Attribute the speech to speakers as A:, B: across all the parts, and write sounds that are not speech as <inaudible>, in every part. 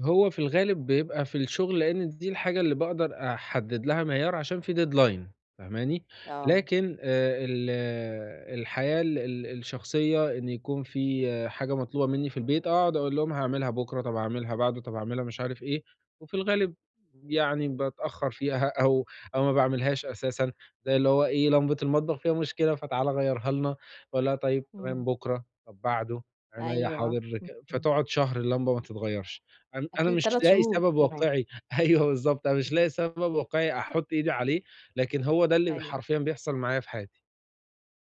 A: هو في الغالب بيبقى في الشغل، لإن دي الحاجة اللي باقدر أحدد لها معيار، عشان في deadline، فاهماني؟
B: آه.
A: لكن آآ ال الحياة ال ال الشخصية، إن يكون في حاجة مطلوبة منّي في البيت، اقعُد اقول لهم: "هاعملها بُكرة، طب هاعملها بعده، طب هاعملها" مش عارف إيه، وفي الغالب يعني باتأخر فيها أو أو ما باعملهاش أساسًا. زي اللي هو إيه، "لمبة المطبخ فيها مشكلة، فتعالَ غيّرها لنا." باقول لها: "طيب تمام
B: إمم.
A: بُكرة، طب بعده، عنيّا
B: أيوه،
A: حاضر." ك
B: امم.
A: فتقعُد شهر اللمبة ما تتغيّرش، أن أنا
B: أكيد
A: مش
B: 3
A: لاقي
B: شهور
A: سبب
B: كمان.
A: واقعي، أيوه بالضبط، أنا مش
B: امم.
A: لاقي سبب واقعي أحط إيدي عليه، لكن هو ده اللي ب
B: أيوه.
A: حرفيًا بيحصل معايا في حياتي.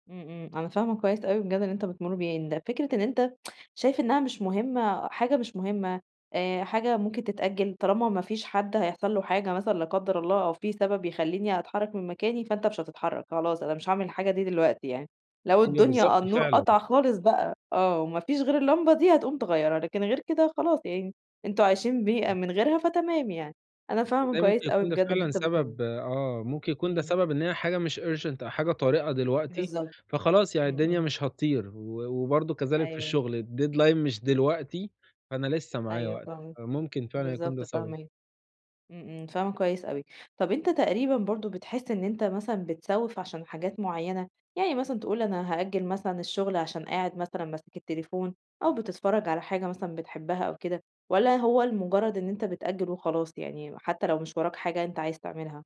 B: إمم إمم، أنا فاهمة كويس أوي بجد اللي أنت بتمُر بيه يعني، ده فكرة إن أنت <tsk> شايف إنها مش مهمة، حاجة مش مهمة، آآ حاجة ممكن تتأجل، طالما ما فيش حد هيحصل له حاجة مثلًا لا قدر الله أو في سبب يخلّيني أتحرّك من مكاني، فأنت مش هتتحرّك، خلاص، أنا مش هاعمل الحاجة دي دلوقتي يعني، لو
A: هي
B: الدنيا
A: بالضبط
B: النور
A: فعلًا.
B: قطع خالص بقى آه، وما فيش غير اللمبة دي، هتقوم تغيّرها، لكن غير كده خلاص يعني، أنتم عايشين بيها
A: <unintelligible>
B: من غيرها، فتمام يعني. أنا فاهمة
A: تصدقي ممكن
B: كويس أوي
A: يكون ده
B: بجد اللي
A: فعلًا
B: أنت بتقوله.
A: سبب آه، ممكن يكون ده
B: إمم.
A: سبب إن هي حاجة مش urgent أو حاجة طارقة دلوقتي،
B: بالضبط
A: فخلاص يعني
B: إمم،
A: الدنيا
B: إمم.
A: مش هتطير، و وبرضه كذلك في
B: أيوه.
A: الشغل، الdeadline مش دلوقتي، فأنا لسه معايا
B: أيوه
A: وقت.
B: فاهمة،
A: آآ ممكن فعلًا يكون ده
B: بالضبط،
A: سبب.
B: فاهماك، إمم، إمم فاهمة كويس أوي. طب أنت تقريبًا برضه بتحس إن أنت مثلًا بتسوّف عشان حاجات معيّنة؟ يعني مثلًا تقول أنا هأجل مثلًا الشغل عشان قاعد مثلًا ماسك التليفون أو بتتفرج على حاجة مثلًا بتحبها أو كده، والّا هو لمجرد إن أنت بتأجل وخلاص يعني، م حتى لو مش وراك حاجة أنت عايز تعملها؟